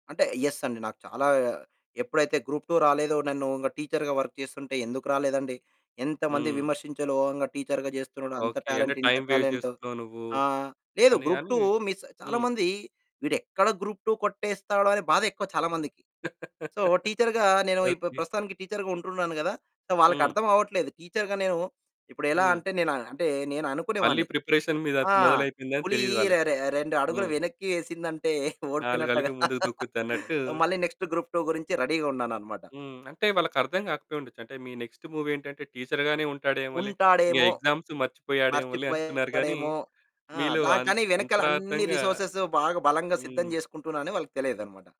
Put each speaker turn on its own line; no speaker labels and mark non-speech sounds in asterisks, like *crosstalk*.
అంటే యస్ అండి. నాకు చాలా ఎప్పుడైతే గ్రూప్ 2 రాలేదో నన్ను ఇక టీచర్‌గా వర్క్ చేస్తుంటే ఎందుకు రాలేదండి. ఎంతమంది
హ్మ్.
విమర్శించాలో ఓహంగా టీచర్‌గా చేస్తున్నాడు, అంత
ఓకే. అంటే
టాలెంట్ ఇంత
టైమ్ వేస్ట్
టాలెంటు.
జేసుకున్నావు నువ్వు.
ఆ! లేదు
అని
గ్రూప్
అని.
2, మిస్
హ్మ్.
చాలామంది వీడెక్కడ గ్రూప్ 2 కొట్టేస్తాడో అనే బాధ ఎక్కువ చాలామందికి. సో
*laughs*
టీచర్‌గా నేను ఇప్పు
ఓకే.
ప్రస్తుతానికి టీచర్‌గా ఉంటున్నాను గదా! సో
హ్మ్.
వాళ్ళకర్థమవ్వట్లేదు. టీచర్‌గా నేను ఇప్పుడెలా
హ్మ్.
అంటే నేను అంటే నేను
మళ్ళీ
అనుకునేవాడిని.
ప్రిపరేషన్ మీద
ఆ!
మొదలైతుందని
ఫులి
తెలీదు
రె
వాళ్ళకి.
రె రెండడుగులు
హ్మ్.
వెనక్కి ఏసిందంటే
ఆలుగళ్ళక
ఓడిపోయినట్టుగా
ముందుకు దూకుద్దన్నట్టు
మళ్ళీ నెక్స్ట్ గ్రూప్ 2 గురించి రెడీగా ఉన్నాననమాట.
హ్మ్. అంటే వాళ్ళకర్థం కాకపోయుండచ్చు. అంటే మీ నెక్స్ట్ మూవ్ ఏంటంటే టీచర్‌గానే ఉంటాడేమోాలే. ఇంగ
ఉంటాడేమో!
ఎగ్జామ్స్ మర్చిపోయాడేమొలే అనుకున్నారు గానీ,
మర్చిపోయాడేమో! ఆ!
మీలో
దా
అం
కానీ వెనకల అన్ని
అంతరార్థంగా
రిసోర్సెస్ బాగా బలంగా సిద్ధం
హ్మ్.
జేసుకుంటున్నాన‌ని వాళ్ళకి తెలియదనమాట.